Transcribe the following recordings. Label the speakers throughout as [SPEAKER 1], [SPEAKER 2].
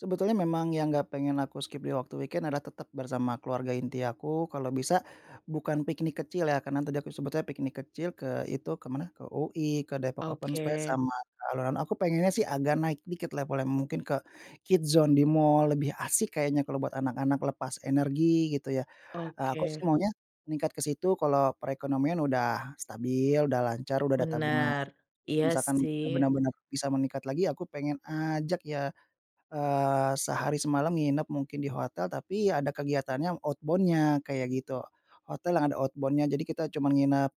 [SPEAKER 1] Sebetulnya memang yang nggak pengen aku skip di waktu weekend adalah tetap bersama keluarga inti aku. Kalau bisa, bukan piknik kecil ya, karena tadi aku sebutnya piknik kecil ke itu, ke mana, ke UI, ke Depok open space,
[SPEAKER 2] Oke.
[SPEAKER 1] sama ke alun-alun. Aku pengennya sih agak naik dikit levelnya, mungkin ke Kids Zone di mall, lebih asik kayaknya kalau buat anak-anak lepas energi, gitu ya. Eee, aku sih
[SPEAKER 2] Oke.
[SPEAKER 1] maunya, meningkat ke situ kalau perekonomian udah stabil, udah lancar, udah ada tabungan.
[SPEAKER 2] Benar. Iya
[SPEAKER 1] Misalkan
[SPEAKER 2] sih.
[SPEAKER 1] benar-benar bisa meningkat lagi aku pengen ajak ya, eee, sehari semalam nginep, mungkin, di hotel tapi ya ada kegiatannya, outbound-nya, kayak gitu. Hotel yang ada outbound-nya. Jadi, kita cuman nginep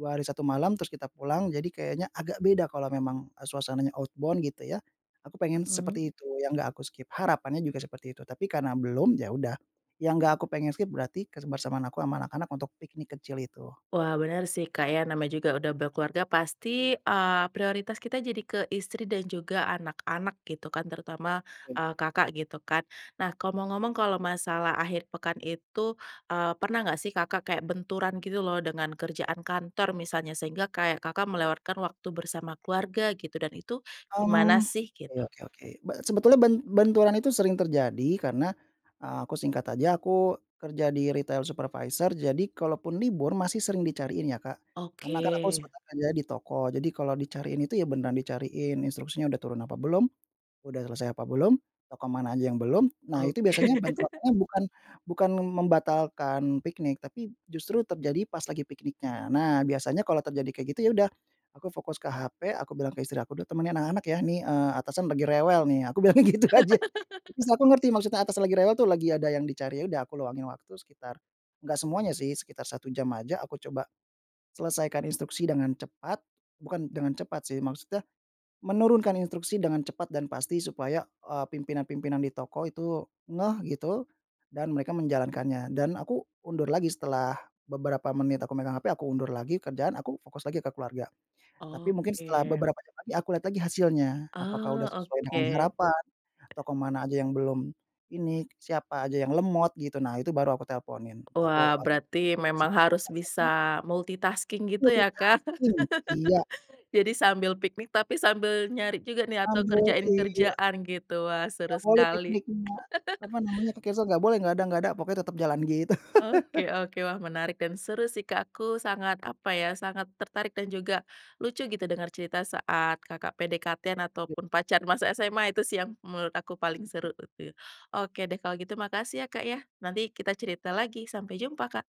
[SPEAKER 1] 2 hari 1 malam, terus kita pulang jadi kayaknya agak beda kalau memang, e suasananya outbound, gitu ya. Aku pengen
[SPEAKER 2] Mhm.
[SPEAKER 1] seperti itu yang nggak aku skip. Harapannya juga seperti itu. Tapi karena belum, ya udah. Yang gak aku pengen skip, berarti kebersamaan aku sama anak-anak untuk piknik kecil itu.
[SPEAKER 2] Wah, benar sih Kak ya. Namanya juga udah berkeluarga, pasti, eee, prioritas kita jadi ke istri dan juga anak-anak, gitu kan. Terutama, eee, Kakak, gitu kan. Nah, kalau mau ngomong, kalau masalah akhir pekan itu, eee, pernah nggak sih Kakak kayak benturan gitu lho, dengan kerjaan kantor misalnya, sehingga kayak Kakak melewatkan waktu bersama keluarga, gitu? Dan itu gimana
[SPEAKER 1] Mmm,
[SPEAKER 2] sih?
[SPEAKER 1] ya,
[SPEAKER 2] Gitu.
[SPEAKER 1] oke oke. B sebetulnya ben benturan itu sering terjadi karena, eee, aku, singkat aja, aku kerja di retail supervisor, jadi kalaupun libur, masih sering dicariin ya Kak. Karena kan aku
[SPEAKER 2] Oke.
[SPEAKER 1] sebenarnya kerja di toko, jadi kalau dicariin itu ya, beneran dicariin, instruksinya udah turun apa belum, udah selesai apa belum, toko mana aja yang belum. Nah, itu
[SPEAKER 2] Oke.
[SPEAKER 1] biasanya bentrokannya bukan bukan membatalkan piknik, tapi justru terjadi pas lagi pikniknya. Nah, biasanya kalau terjadi kayak gitu, ya udah, aku fokus ke HP, aku bilang ke istri aku, udah temenin anak-anak ya, nih, eee, atasan lagi rewel nih, aku bilangnya gitu aja. Terus, aku ngerti maksudnya atasan lagi rewel tuh, lagi ada yang dicari. Ya udah, aku luangin waktu sekitar nggak semuanya sih, sekitar 1 jam aja. Aku coba, selesaikan instruksi dengan cepat, bukan dengan cepat sih, maksudnya menurunkan instruksi dengan cepat dan pasti, supaya, eee, pimpinan-pimpinan di toko itu ngeh, gitu, dan mereka menjalankannya. Dan aku undur lagi setelah beberapa menit aku megang HP, aku undur lagi kerjaan. Aku fokus lagi ke keluarga. Tapi mungkin setelah
[SPEAKER 2] Oke.
[SPEAKER 1] beberapa jam lagi, aku lihat lagi hasilnya. Apakah udah
[SPEAKER 2] Oh,
[SPEAKER 1] sesuai dengan
[SPEAKER 2] oke.
[SPEAKER 1] harapan, atau ke mana aja yang belum ini, siapa aja yang lemot, gitu, nah itu baru aku teleponin.
[SPEAKER 2] Wah,
[SPEAKER 1] Aku ap
[SPEAKER 2] berarti memang harus bisa
[SPEAKER 1] [unintelligible]
[SPEAKER 2] multitasking, gitu ya Kak.
[SPEAKER 1] Multitasking. Iya.
[SPEAKER 2] Jadi sambil piknik, tapi sambil nyari juga nih, atau
[SPEAKER 1] [unintelligible]
[SPEAKER 2] kerjain
[SPEAKER 1] iya.
[SPEAKER 2] kerjaan, gitu. Wah, seru
[SPEAKER 1] Nggak boleh
[SPEAKER 2] sekali.
[SPEAKER 1] piknik mua teman, namanya, kegeser nggak boleh, nggak ada nggak ada, pokoknya tetap jalan, gitu.
[SPEAKER 2] Oke oke. Wah, menarik dan seru sih Kak. Aku sangat, apa ya, sangat tertarik dan juga lucu, gitu, dengar cerita saat Kakak PDKT-an
[SPEAKER 1] Ya.
[SPEAKER 2] ataupun pacar masa SMA, itu sih, yang menurut aku paling
[SPEAKER 1] Mantap.
[SPEAKER 2] seru. Oke deh, kalau gitu makasih ya, Kak, ya. Nanti kita cerita lagi. Sampai jumpa Kak.